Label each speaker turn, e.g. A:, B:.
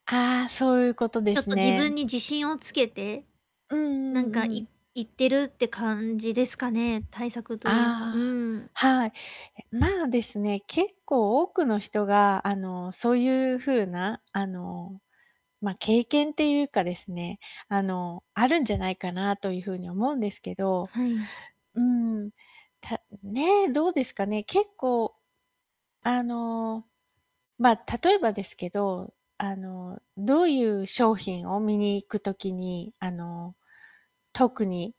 A: ああ、そういうことで
B: ちょっ
A: す
B: と自
A: ね。
B: 分に自信をつけて。
A: うん
B: な
A: う
B: んか
A: んう
B: い
A: ん。
B: いってるって感じですかね。対策といえば、う
A: ああ、
B: ーん。
A: はい。え、ま、ですね、結構多くの人があの、そういう風なあの、ま、経験っていうかですね、あの、あるんじゃないかなというふうに思うんですけど。
B: はい。
A: うん、たんんね、どうですかね、結構。あの、ま、例えばですけど、あの、どういう商品を見に行く時にあの、特に